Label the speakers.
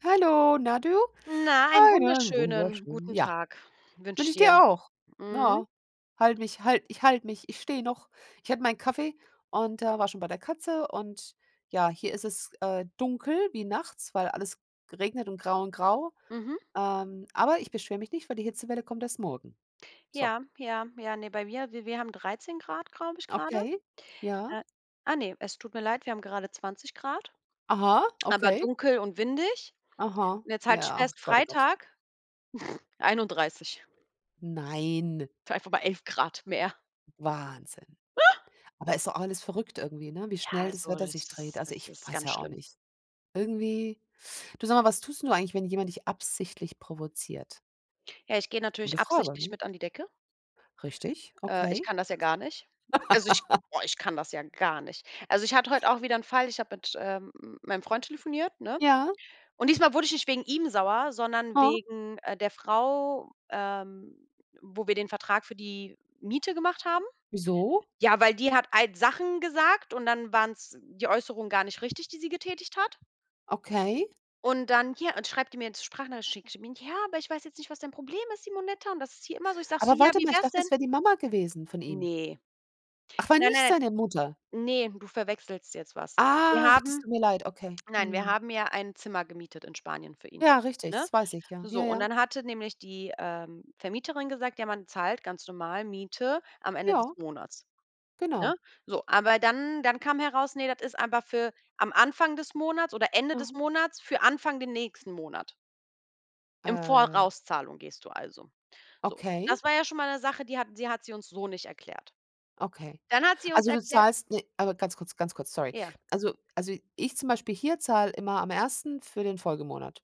Speaker 1: Hallo, na du.
Speaker 2: Na, einen
Speaker 1: Einen
Speaker 2: wunderschönen
Speaker 1: wunderschönen
Speaker 2: guten
Speaker 1: ja.
Speaker 2: Tag wünsche ich
Speaker 1: Wünsche ich
Speaker 2: dir.
Speaker 1: dir auch.
Speaker 2: Mhm.
Speaker 1: Na, halte mich halte ich halte mich ich stehe noch. Ich hatte meinen Kaffee und, äh, war schon bei der Katze und, ja, hier ist es, äh, dunkel wie nachts, weil alles geregnet und grau und grau.
Speaker 2: Mhm.
Speaker 1: Ähm, aber ich beschwere mich nicht, weil die Hitzewelle kommt erst morgen. So.
Speaker 2: Ja, ja, ja, ne, bei mir wir wir haben 13 C, glaube ich, grade.
Speaker 1: Okay, ja.
Speaker 2: Äh, ah, ne, es tut mir leid, wir haben gerade 20 C,
Speaker 1: Aha,
Speaker 2: aber
Speaker 1: okay.
Speaker 2: dunkel und windig.
Speaker 1: Aha.
Speaker 2: Und jetzt halt dich
Speaker 1: Ja.
Speaker 2: fest
Speaker 1: Gott, oh Gott.
Speaker 2: Freitag 31.
Speaker 1: Nein.
Speaker 2: If einfach mal 11 C mehr.
Speaker 1: Wahnsinn. Aber ist doch auch alles verrückt irgendwie, ne, wie
Speaker 2: Ja,
Speaker 1: schnell das
Speaker 2: also
Speaker 1: Wetter
Speaker 2: das
Speaker 1: sich dreht.
Speaker 2: ist
Speaker 1: Also,
Speaker 2: das
Speaker 1: ich
Speaker 2: ist
Speaker 1: weiß
Speaker 2: ganz
Speaker 1: ja auch
Speaker 2: schlimm.
Speaker 1: nicht. Irgendwie du, sag mal, was tust du eigentlich, wenn jemand dich absichtlich provoziert?
Speaker 2: Ja, ich gehe natürlich
Speaker 1: Gute Frage,
Speaker 2: absichtlich
Speaker 1: ne?
Speaker 2: mit an die Decke.
Speaker 1: Richtig?
Speaker 2: Äh, ich
Speaker 1: Okay.
Speaker 2: kann das ja gar nicht. Also, ich boah, ich kann das ja gar nicht. Also, ich hatte heute auch wieder 'n Fall, ich habe mit, ähm, m meinem Freund telefoniert, ne?
Speaker 1: Ja.
Speaker 2: Und diesmal wurde ich nicht wegen ihm sauer, sondern
Speaker 1: Aha.
Speaker 2: wegen, äh, der Frau, ähm, wo wir den Vertrag für die Miete gemacht haben.
Speaker 1: Wieso?
Speaker 2: Ja, weil die hat halt Sachen gesagt und dann waren's die Äußerungen gar nicht richtig, die sie getätigt hat.
Speaker 1: Okay.
Speaker 2: Und dann hier und schreibt die mir jetzt 'n Sprachnachricht schickt die mir: „Ja, aber ich weiß jetzt nicht, was dein Problem ist, Simonetta. Und das ist hier immer so.” Ich sage so:
Speaker 1: Aber
Speaker 2: „Ja,
Speaker 1: warte
Speaker 2: wie
Speaker 1: mal, ich
Speaker 2: wär's
Speaker 1: dachte,
Speaker 2: denn?”
Speaker 1: es wär die Mama gewesen von ihm.
Speaker 2: Ne.
Speaker 1: Ach, war
Speaker 2: Nein,
Speaker 1: nicht
Speaker 2: nein.
Speaker 1: seine Mutter?
Speaker 2: Ne, du verwechselst jetzt was. Wir
Speaker 1: Ach, das
Speaker 2: haben
Speaker 1: tut mir leid, okay,
Speaker 2: nein, wir
Speaker 1: mhm.
Speaker 2: haben ja ein Zimmer gemietet in Spanien für ihn,
Speaker 1: Ja, richtig,
Speaker 2: ne?
Speaker 1: das weiß ich, ja,
Speaker 2: So
Speaker 1: ja,
Speaker 2: und
Speaker 1: ja.
Speaker 2: dann hatte nämlich die, ähm, Vermieterin gesagt: „Ja, man zahlt ganz normal Miete am Ende des
Speaker 1: Ja.
Speaker 2: Monats”,
Speaker 1: Genau.
Speaker 2: ne? So, aber dann dann kam heraus, ne, das ist einfach für am Anfang des Monats oder Ende
Speaker 1: Aha.
Speaker 2: des Monats für Anfang den nächsten Monat. Im
Speaker 1: Äh.
Speaker 2: Vorauszahlung gehst du also. So,
Speaker 1: Okay.
Speaker 2: das war ja schon mal 'ne Sache, die hat sie hat sie uns so nicht erklärt.
Speaker 1: Okay.
Speaker 2: Dann hat sie uns
Speaker 1: Also, du
Speaker 2: erklärt
Speaker 1: zahlst, ne aber ganz kurz, ganz kurz, sorry.
Speaker 2: Ja.
Speaker 1: Also also, ich zum Beispiel hier zahle immer am 1. für den Folgemonat.